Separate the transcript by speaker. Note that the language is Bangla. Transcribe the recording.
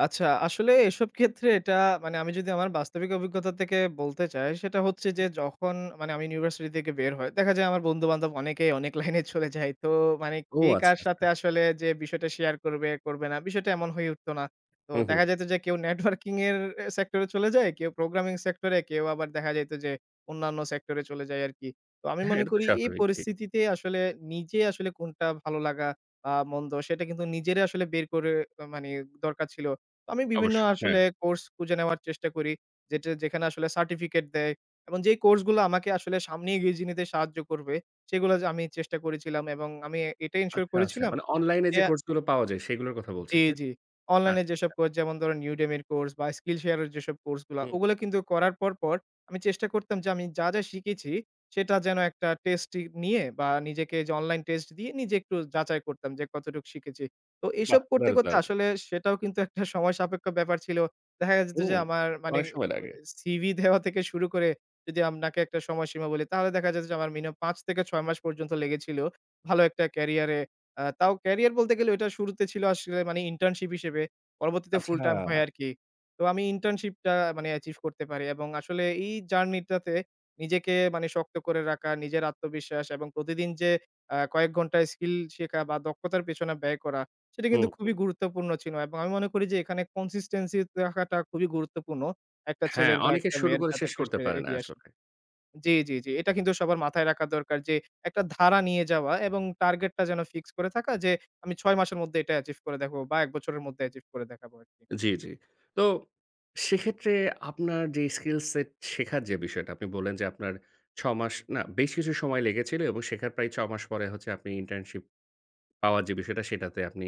Speaker 1: আচ্ছা আসলে এসব ক্ষেত্রে এটা মানে আমি যদি আমার বাস্তবিক অভিজ্ঞতা থেকে বলতে চাই সেটা হচ্ছে
Speaker 2: হু।
Speaker 1: যে, যখন মানে আমি ইউনিভার্সিটি থেকে বের হয়, দেখা যায় আমার বন্ধু-বান্ধব অনেকেই অনেক লাইনে চলে যায়। তো মানে
Speaker 2: ও
Speaker 1: কে
Speaker 2: আচ্ছা,
Speaker 1: কার
Speaker 2: আচ্ছা।
Speaker 1: সাথে আসলে যে বিষয়টা শেয়ার করবে, করবে না। বিষয়টা এমন হয়ে উঠত না। তো
Speaker 2: হু, হু।
Speaker 1: দেখা যাইত যে কেউ নেটওয়ার্কিং এর সেক্টরে চলে যায়, কেউ প্রোগ্রামিং সেক্টর এ কেউ আবার দেখা যাইত যে অন্যান্য সেক্টর এ চলে যাই আরকি। তো আমি
Speaker 2: হ্যাঁ,
Speaker 1: মনে
Speaker 2: এটা তো
Speaker 1: করি এই
Speaker 2: স্বাভাবিক, জি।
Speaker 1: পরিস্থিতিতে আসলে নিজে আসলে কোনটা ভালো লাগা আ মন্দ সেটা কিন্তু নিজের আসলে বের করে মানে দরকার ছিল। আমি বিভিন্ন
Speaker 2: অবশ্যই, হ্যাঁ।
Speaker 1: আসলে কোর্স খুঁজে নেওয়ার চেষ্টা করি। যে যেখানে আসলে সার্টিফিকেট দেয় এবং যেই কোর্স গুলো আমাকে আসলে সামনে এগিয়ে নিতে সাহায্য করবে সেগুলা যে আমি চেষ্টা করেছিলাম এবং আমি এটাই এনশিওর
Speaker 2: আচ্ছা, আচ্ছা।
Speaker 1: করেছিলাম
Speaker 2: মানে অনলাইন এ
Speaker 1: যে
Speaker 2: যে কোর্স গুলো পাওয়া যায় সেগুলোর কথা
Speaker 1: জি,
Speaker 2: বলছেন, তাইতো?
Speaker 1: জি। অনলাইন
Speaker 2: আচ্ছা,
Speaker 1: যেসব
Speaker 2: আচ্ছা।
Speaker 1: কোর্স যেমন ধরুন Udemy এর কোর্স বা Skillshare এর যেসব কোর্স গুলা
Speaker 2: হুম।
Speaker 1: ওগুলা কিন্তু করার পর, পর আমি চেষ্টা করতাম যে আমি যা, যা শিখেছি সেটা যেন একটা টেস্ট নিয়ে বা নিজেকে যে অনলাইন টেস্ট দিয়ে নিজে একটু যাচাই করতাম যে কতটুকু শিখেছি। তো
Speaker 2: বাহ!
Speaker 1: এসব করতে,
Speaker 2: দারুণ,
Speaker 1: করতে
Speaker 2: দারুণ!
Speaker 1: আসলে সেটাও কিন্তু একটা সময় সাপেক্ষ ব্যাপার ছিল। দেখা যেত
Speaker 2: হুম
Speaker 1: যে আমার মানে
Speaker 2: অনেক
Speaker 1: অ্যা
Speaker 2: সময় লাগে।
Speaker 1: সিভি দেওয়া থেকে শুরু করে যদি আপনাকে একটা সময়সীমা বলি তাহলে দেখা যেত যে আমার মিনিমাম ৫ থেকে ৬ মাস পর্যন্ত লেগেছিল। ভালো একটা ক্যারিয়ারে। আ তাও ক্যারিয়ার বলতে গেলে ঐটা শুরুতে ছিল আসলে মানে ইন্টার্নশিপ হিসেবে, পরবর্তীতে ফুল
Speaker 2: আচ্ছা।
Speaker 1: টাইম হয় আরকি। তো আমি ইন্টার্নশিপটা মানে অ্যাচিভ করতে পারি এবং আসলে এই জার্নিটাতে নিজেকে মানে শক্ত করে রাখা, নিজের আত্মবিশ্বাস এবং প্রতিদিন যে আ কয়েক ঘন্টায় স্কিল শেখা বা দক্ষতার পেছনে ব্যয় করা সেটা
Speaker 2: হু,
Speaker 1: কিন্তু
Speaker 2: হু।
Speaker 1: খুবই গুরুত্বপূর্ণ ছিল এবং আমি মনে করি যে এখানে consistency রাখাটা খুবই গুরুত্বপূর্ণ একটা
Speaker 2: হ্যাঁ,
Speaker 1: ছেলের বা
Speaker 2: অনেকে
Speaker 1: একটা
Speaker 2: শুরু
Speaker 1: মেয়ের
Speaker 2: করে
Speaker 1: যাতে
Speaker 2: শেষ
Speaker 1: করে
Speaker 2: করতে
Speaker 1: সে
Speaker 2: পারে না
Speaker 1: এগিয়ে আসে
Speaker 2: আসলে।
Speaker 1: জি, জি, জি। এটা কিন্তু সবার মাথায় রাখা দরকার যে একটা ধারা নিয়ে যাওয়া এবং টার্গেটটা যেন ফিক্স করে থাকা যে আমি ৬ মাসের মধ্যে এটা অ্যাচিভ করে দেখবো বা এক বছরের মধ্যে অ্যাচিভ করে দেখাবো আরকি।
Speaker 2: জি, জি। তো সেক্ষেত্রে আপনার যে স্কিলস সেট শেখার যে বিষয়টা আপনি বললেন, যে আপনার ছয় মাস না বেশ কিছু সময় লেগেছিল এবং শেখার প্রায় ৬ মাস পরে আপনি ইন্টার্নশিপ পাওয়ার যে বিষয়টা সেটাতে আপনি